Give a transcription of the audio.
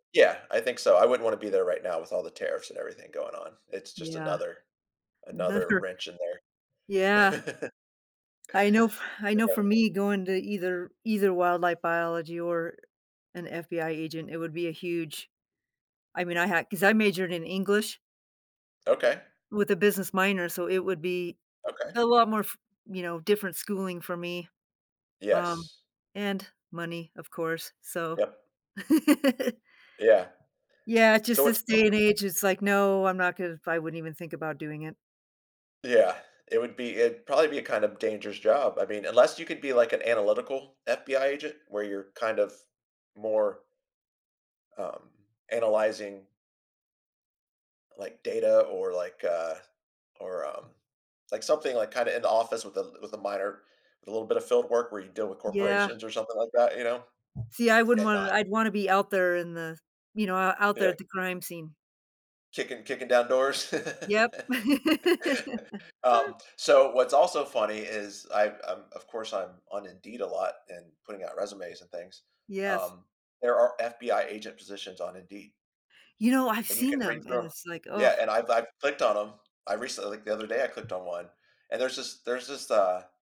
Yeah, I think so. I wouldn't want to be there right now with all the tariffs and everything going on. It's just Yeah. another, another [unintelligible] wrench in there. Yeah. I know, I know for [unintelligible] me going to either either Wildlife Biology or an FBI agent, it would be a huge. I mean, I had 'cause I majored in English Ok. with a business minor, so it would be Ok. a lot more f you know, different schooling for me. Um, Yes. and money, of course, so. Yep. Yeah. Yeah, it's just So it's this day [unintelligible] and age, it's, like, no, I'm not gonna, I wouldn't even think about doing it. Yeah, it would be, it'd probably be a kind of dangerous job. I mean, unless you could be, like, an analytical FBI agent where you're kind of more um, analyzing like, data or, like, uh, or, um, like, something, like, kinda in the office with a with a minor a little bit of field work where you deal with Yeah. corporations or something like that, you know, See, I wouldn't and want not I'd want to be out there in the, you know, o out there Yeah. at the crime scene. Kicking kicking down doors. Yep. Um, so what's also funny is I'm I'm, of course I'm on Indeed a lot and putting out resumes and things. Yes. Um, there are FBI agent positions on Indeed. You know, I've And you seen can read them through and 'em, it's, like, oh. yeah, and I've I've clicked on 'em. I recently, like, the other day I clicked on one, and there's this, there's this, uh